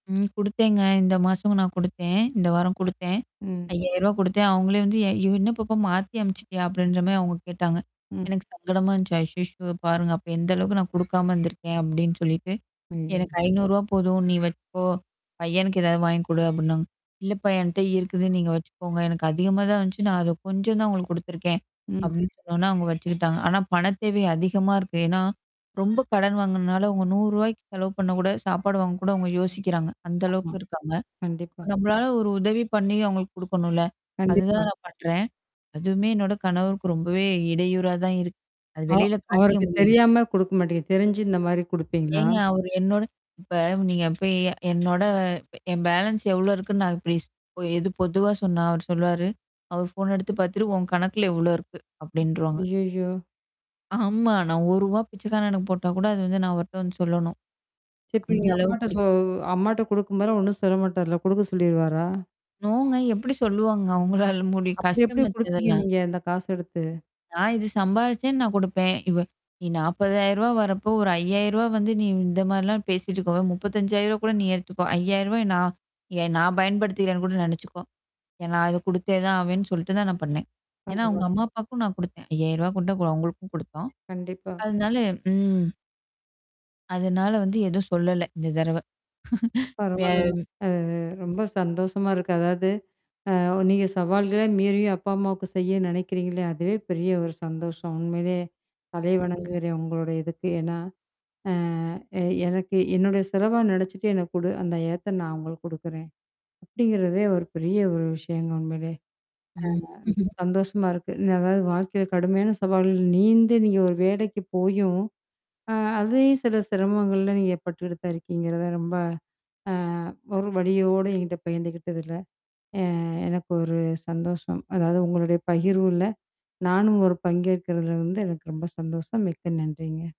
ம். குடுத்தேங்க. இந்த மாசம் நான் குடுத்தேன். இந்த வாரம் குடுத்தேன். ம். ரூ.5௦௦௦ குடுத்தேன். அவுங்களே வந்து ய என்ன பாப்பா மாத்தி அனுப்புச்சுட்டியா? அப்பிடின்றமாரி அவுங்க கேட்டாங்க. ம். எனக்கு சங்கடமா இருந்துச்சு. ஐயய்யோ! பாருங்க. அப்ப எந்த அளவுக்கு நான் குடுக்காம இருந்திருக்கேன் அப்பிடின்னு சொல்லிட்டு. ஐயோ! எனக்கு ரூ.5௦௦ போதும் நீ வச்சுக்கோ! பையனுக்கு ஏதாவது வாங்கி குடு அப்பிடின்னாங்க. இல்லப்பா! என்ட்ட இருக்குது நீங்க வச்சுக்கோங்க. எனக்கு அதிகமா தான் வந்துச்சு. நான் அத கொஞ்சம் தான் உங்களுக்கு குடுத்துருக்கேன். ம். அப்பிடின்னு சொன்னோனா, அவுங்க வச்சுக்கிட்டாங்க. ஆனா பண தேவை அதிகமா இருக்கு. ஏன்னா ரொம்ப கடன் வாங்கினனால அவுங்க ரூ.1௦௦ ரூபாய்க்கு செலவு பண்ணக்கூட சாப்பாடு வாங்கக்கூட அவுங்க யோசிக்கிறாங்க. அந்த ஆமா. அளவுக்கு இருக்காங்க. கண்டிப்பா. நம்மளால ஒரு உதவி பண்ணி அவுங்களுக்கு குடுக்கணும்ல. கண்டிப்பா. அதுதான் நான் பண்றேன். அதுவுமே என்னோட கணவருக்கு ரொம்பவே இடையூறா தான் இருக்கு. அது அ வெளில காட்டிக்க அவருக்கு முடியல. தெரியாம குடுக்க மாட்டீங்க. தெரிஞ்சு இந்தமாரி குடுப்பீங்களா? ஏங்க அவரு என்னோட இப்ப நீங்க இப்ப என்னோட என் பேலன்ஸ் எவ்ளோ இருக்குன்னு நான் இப்பிடி எது பொதுவா சொன்னா? அவரு சொல்லுவாரு? அவர் ஃபோன் எடுத்து பார்த்துட்டு, உன் கணக்குல இவ்ளோ இருக்கு அப்பிடின்றுவாங்க. ஐய்யய்யோ! ஆமா. நான் ரூ.1 ரூவா பிச்சைக்காரனுக்கு போட்டா கூட அது வந்து நான் அவர்ட்ட வந்து சொல்லணும். சரி. இப்ப அந்த நீங்க அம்மாட்ட அளவுக்கு இருக் சொ அம்மாட்ட குடுக்கும்போதுலாம் ஒன்னும் சொல்ல மாட்டருல்ல. குடுக்க சொல்லிருவாரா? நோங்க எப்பிடி சொல்லுவாங்க அங்களால முடியும் அப்பிடி எப்பிடி கஷ்டமாச்சே குடுப்பீங்க அதெல்லாம்? நீங்க அந்த காச எடுத்து? நான் இது சம்பாரிச்சேன், நான் குடுப்பேன். இவ நீ ரூ.40,000 வரப்போ ஒரு ரூ.5௦௦௦ வந்து நீ இந்த மாரிலாம் பேசிட்டு இருக்கவ ரூ.35, ௦௦௦ கூட நீ எடுத்துக்கோ ரூ.5௦௦௦ நான் ஏ நான் பயன்படுத்திக்கிறேன்னு கூட நெனச்சுக்கோ! ஏ நான் அத குடுத்தே தான் ஆவேன்னு சொல்லிட்டு தான் நான் பண்ணேன். ஏன்னா, [unintelligible] அவுங்க அம்மா அப்பாவுக்கும் நான் குடுத்தேன் ரூ.5௦௦௦ கொண்டு அவுங்களுக்கும் கொடுத்தோம். கண்டிப்பா. அதனால ம். அதனால வந்து எதுவும் சொல்லல இந்த தடவ. வேற பரவால்லங்க. அது ரொம்ப சந்தோஷமா இருக்கு. அதாவது அ நீங்க சவால்கள மீறி அப்பா, அம்மாவுக்கு செய்ய நெனைக்கிறீங்களே, அதுவே பெரிய ஒரு சந்தோஷம். உண்மையிலே. தலை வணங்குகிறேன். உங்களுடைய இதுக்கு. ஏன்னா? அ எ எனக்கு என்னுடைய செலவா நினச்சுட்டு எனக்கு குடு! அந்த ஏத்த நான் அவுங்களுக்கு குடுக்குறேன். அப்பிடிங்கிறதே ஒரு பெரிய ஒரு விஷயங்க உண்மையிலே. ம். அ ரொம்ப சந்தோஷமா இருக்கு. அதாவது வாழ்க்கையில கடுமையான சவால்கள் நீந்தி நீங்க ஒரு வேலைக்கு போயும், அ அதையும் சில சிரமங்கள்ல நீங்க பட்டுக்கிட்டு தான் இருக்கீங்கிறத ரொம்ப அ ஒரு வலியோட என்கிட்ட பகிர்ந்துக்கிட்டதுல்ல. அ எனக்கு ஒரு சந்தோஷம். அதாவது உங்களுடைய பகிர்வுல நானும் ஒரு பங்கேற்கிறதுல எனக்கு ரொம்ப சந்தோஷம். மிக்க நன்றிங்க.